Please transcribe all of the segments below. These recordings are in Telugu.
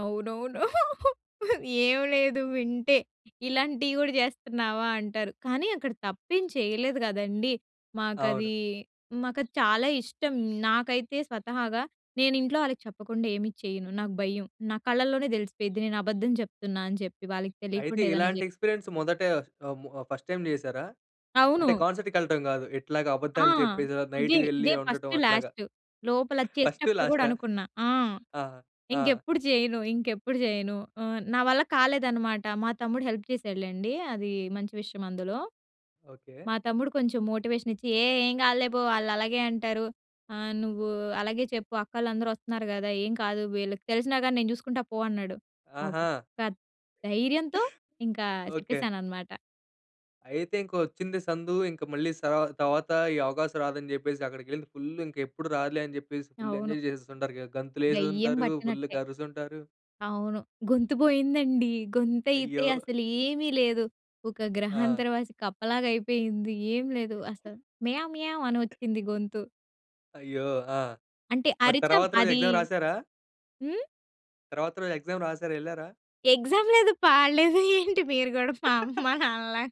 అవునవును. ఏమి లేదు వింటే ఇలాంటివి కూడా చేస్తున్నావా అంటారు. కానీ అక్కడ తప్పేమి చేయలేదు గదండీ! అవును. మాకది, మాకది చాలా ఇష్టం. నాకైతే స్వతహాగా నేను ఇంట్లో వాళ్ళకి చెప్పకుండా ఏమి చేయను. నాకు భయం. నా కళ్ళలోనే తెలిసిపోయిద్ది నేను అబద్ధం చెప్తున్నా అని చెప్పి వాళ్ళకి అయితే తెలియకుండా ఏదైనా జే ఇలాంటి ఎక్స్‌పీరియన్స్ మొదటే ఆహ్, ము ఫర్స్ట్ టైమ్ జేసారా? అవును. అంటే కాన్సర్ట్‌కెళ్ళటం గాదు. ఇట్లాగ ఆ! అబద్దాలు చెప్పేసి ఇదే, నైటు వెళ్ళి ఇదే ఉండటం ఫస్టు, అట్లాగా. లాస్టు. లోపల ఫస్టు చేసేటప్పుడు కూడా లాస్టా? అనుకున్నా. ఆ! ఆ! ఆ! ఇంకెప్పుడు చేయను ఇంకెప్పుడు చేయను ఆ! నా వల్ల కాలేదనమాట. మా తమ్ముడు హెల్ప్ చేశాడులెండి. అది మంచి విషయం అందులో. ఓకే. మా తమ్ముడు కొంచెం మోటివేషన్ ఇచ్చి "ఏ ఏం కాదులే! పో ఆళ్ళు అలాగే అంటారు ఆ! నువ్వు అలాగే చెప్పు అక్కోలందరు ఒస్తున్నారు గదా! ఏం కాదు వీళ్ళకి తెలిసినా గాని నేను చూసుకుంటా పో" అన్నాడు. ఆ ఆహా! ఒక్క ధైర్యంతో ఇంక ఓకే. చెప్పేసానన్నమాట. అయితే ఇంకొచ్చింది సందు ఇంక మళ్ళీ స తర్వాత ఈ అవకాశం రాదని జెప్పేసి అక్కడికెళ్ళింది ఫుల్ ఇంకెప్పుడు రాదులే! అని జెప్పేసి ఫుల్ అవును. ఎంజాయ్ జేసేసింటారుగా. దెయ్యం గంతులేసుంటారు, బట్టినట్టే. ఫుల్‌గా అరుసుంటారు. అవును. గొంతు బోయిందండి. గొంతయితే అయ్యో! అసలేమీ లేదు. ఒక ఆ! గ్రహాంతరవాసి కప్పలాగా అయిపోయింది. ఏం లేదు. అసలు 'మ్యావ్ మ్యామ్' అనొచ్చింది గొంతు. అయ్యో! ఆ! అంటే మరి అరిచాం తరువాత రోజు అది ఎక్జామ్ రాసారా? హ్మ్. తరువాత రోజు ఎక్జామ్ రాసారా? ఎళ్లారా? ఎక్సామ్ లేదు పాడులేదు. ఏంటి మీరు కూడా మా అమ్మ, నాన్నలా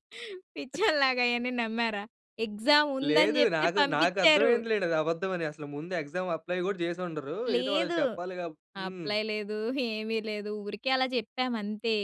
పిచ్చోల్లాగా అయన్ని నమ్మారా ఎక్సామ్ ఉందని లేదు. చెప్తే నాకు, నాకు అర్థం పంపించారు. అయింది లెండి అది అబద్ధం అని. అసలు ముందు ఎక్జామ్ అప్లై కూడా చేసి ఉండరు. ఏదో లేదు. వాళ్ళకి చెప్పాలి కాబ్ హ్మ్. అప్లై లేదు. ఏమి లేదు. ఊరికే అలా చెప్పాం అంతే.